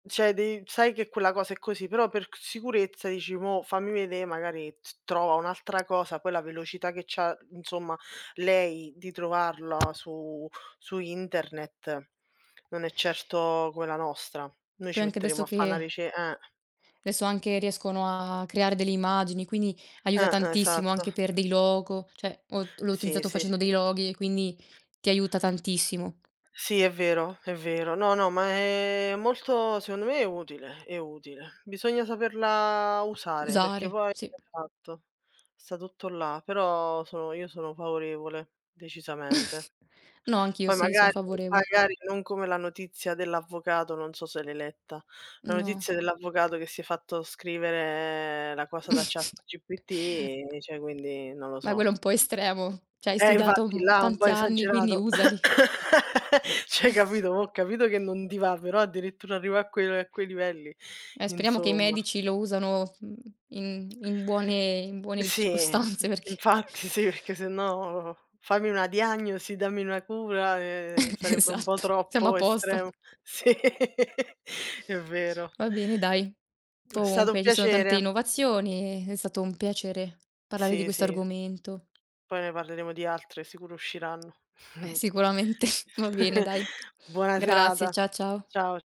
Cioè dev sai che quella cosa è così, però per c sicurezza dici: "Mò fammi vedè", magari t trova un'altra cosa, poi la velocità che c'ha, insomma, lei di trovarla su su Internet non è certo quella nostra. Noi ci Poi anche metteremmo adesso a fa' na che rice eh. adesso anche riescono a a creare delle immagini, quindi aiuta Eh, tantissimo esatto. anche per dei logo. Cioè, ho l'ho Sì, utilizzato sì. facendo dei loghi e quindi ti aiuta tantissimo. Sì, è vero, è vero. No, no, ma è molto secondo me è utile è utile. Bisogna saperla usare, perché Usare, poi sì. esatto, sta tutto là. Però sono io sono favorevole, decisamente. No, anch'io Poi sì, son magari favorevol magari non come la notizia dell'avvocato, non so se l'hai letta. La No. notizia dell'avvocato che si è fatto scrivere la cosa da ChatGPT, e cioè, quindi non lo Ma so. quello è un po' estremo. Cioè hai Eh studiato, infatti mhmm, là ha un po' tanti anni, quindi esagerato. usali. Cioè hai capito, mò ho capito che non ti va, però addirittura arrivà a que a quei livelli. Eh, speriamo che i Insomma. medici lo usano, mhmm, in in buone in buone Sì, mhmm, circostanze, perché infatti sì, perché sennò "fammi una diagnosi", "dammi una cura" e sarebbe un po' Esatto, siamo a troppo posto. estremo. Sì, è vero. Va bene, dai. È stato un Comunque ci sono tante piacere. innovazioni. E è stato un piacere parlare di Sì, questo sì. argomento. Poi ne parleremo di altre, sicuro usciranno. Eh sicuramente. Va bene, dai. Buona Grazie, serata. cia ciao. Ciao.